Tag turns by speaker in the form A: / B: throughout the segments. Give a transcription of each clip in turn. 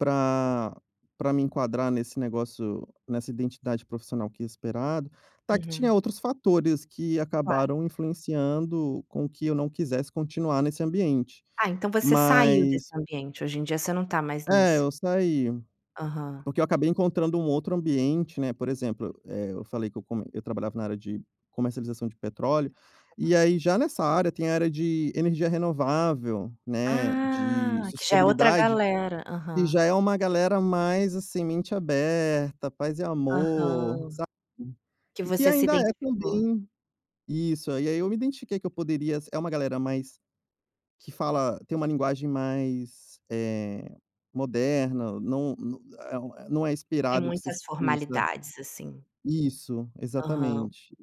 A: Pra pra me enquadrar nesse negócio, nessa identidade profissional que é esperado, tá que tinha
B: Uhum.
A: outros fatores que
B: Claro.
A: acabaram influenciando com que eu não quisesse continuar nesse ambiente.
B: Ah, então você saiu desse
A: Mas
B: ambiente, hoje em dia você não tá mais
A: É,
B: nisso?
A: eu saí,
B: Aham.
A: porque eu acabei encontrando um outro ambiente, né, por exemplo, eh, eu falei que eu como eu trabalhava na área de comercialização de petróleo, e
B: Hum.
A: aí já nessa área tem a área de energia renovável, né, de
B: Ah, que já é outra
A: sustentabilidade,
B: galera,
A: e
B: aham.
A: já é uma galera mais, assim, mente aberta, paz e amor,
B: Aham.
A: sabe.
B: Que
A: E, que
B: você se
A: ainda é,
B: identificou.
A: também isso, aí aí eu me identifiquei que eu poderia é uma galera mais que fala tem uma linguagem mais, eh, moderna, não é um é não é
B: Tem
A: inspirado que você
B: muitas
A: sissa
B: formalidades, assim.
A: isso,
B: Aham.
A: exatamente.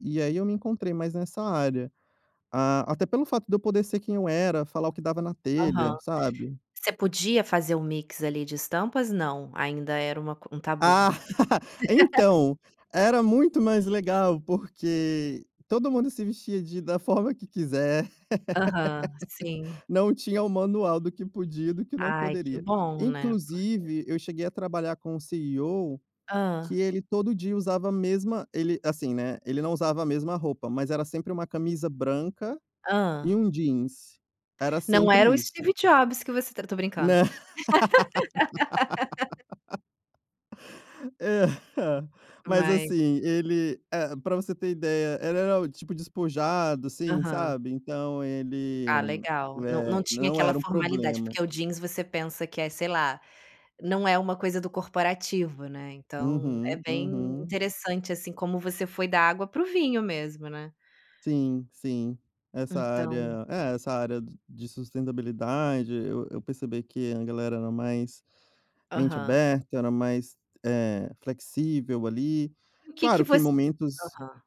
A: E aí, eu me encontrei mais nessa área, ah, até pelo fato de eu poder ser quem eu era, falar o que dava na
B: Aham.
A: telha, sabe.
B: Você podia fazer um mix ali de estampas, não? Ainda era uma coi um
A: Ah,
B: tabu.
A: então, era muito mais legal, porque todo mundo se vestia de da forma que quiser.
B: Aham, sim.
A: Não tinha o manual do que podia e do que não
B: Ai, que
A: poderia.
B: bom, né, porque
A: Inclusive, eu cheguei a trabalhar com o CEO, que
B: Hã.
A: ele todo dia usava a mesma ele, assim, né, ele não usava a mesma roupa, mas era sempre uma camisa branca e
B: Hã.
A: um jeans, era
B: Não
A: sempre
B: era o
A: isso.
B: Steve Jobs que você eu tô brincando.
A: Nã Eh, ah. Mas,
B: Mai
A: assim, ele, eh, para você ter ideia, era o tipo despojado, assim,
B: Aham.
A: sabe, então ele,
B: Ah, legal, não não
A: eh,
B: tinha
A: não
B: aquela
A: era um
B: formalidade,
A: problema.
B: porque o jeans você pensa que é, sei lá, não é uma coisa do corporativo, né, então, é
A: Uhum,
B: bem
A: uhum.
B: interessante assim como você foi da água para o vinho, mesmo, né.
A: Sim, sim, essa
B: Então
A: área é, essa área de de sustentabilidade, eu eu percebi que a galera era mais, mente
B: Aham.
A: aberta, era mais, eh, flexível ali,
B: E o que
A: claro
B: que
A: que em
B: você
A: momentos
B: aham.